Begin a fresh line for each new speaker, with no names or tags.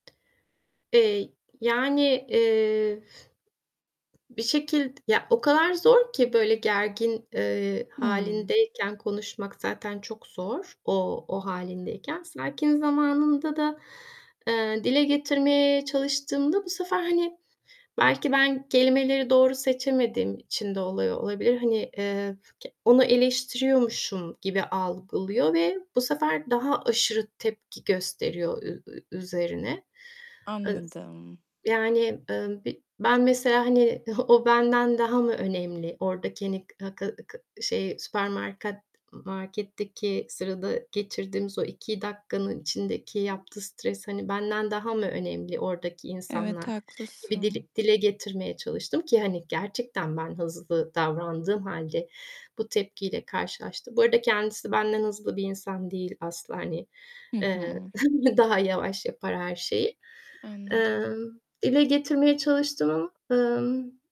Eee, yani, eee, bir şekild ya o kadar zor ki, böyle, gergin, eee,
Hıı.
hâlindeyken konuşmak zaten çok zor o, o hâlindeyken. Sakin zamanında da, eee, dile getirmeye çalıştığımda bu sefer, hani, belki ben kelimeleri doğru seçemediğim için de oluyor olabilir. Hani, eee, k onu eleştiriyormuşum gibi algılıyor ve bu sefer daha aşırı tepki gösteriyor ü ü üzerine. Iz
Anladım.
yani, ııı, bi ben mesela, hani, "O benden daha mı önemli?" oradaki, hani, k ı k k şey süpermarket marketteki sırada geçirdiğimiz o 2 dakikanın içindeki yaptığı stres, hani, "Benden daha mı önemli oradaki
Evet.
insanlar?" gibi
Haklısın.
dili dile getirmeye çalıştım ki, hani, gerçekten ben hızlı davrandığım hâlde bu tepkiyle karşılaştım. Bu arada kendisi benden hızlı bir insan değil asla, hani,
Hı
eee,
hı.
daha yavaş yapar her şeyi.
Anladım.
Emm, dile getirmeye çalıştım ama, ımm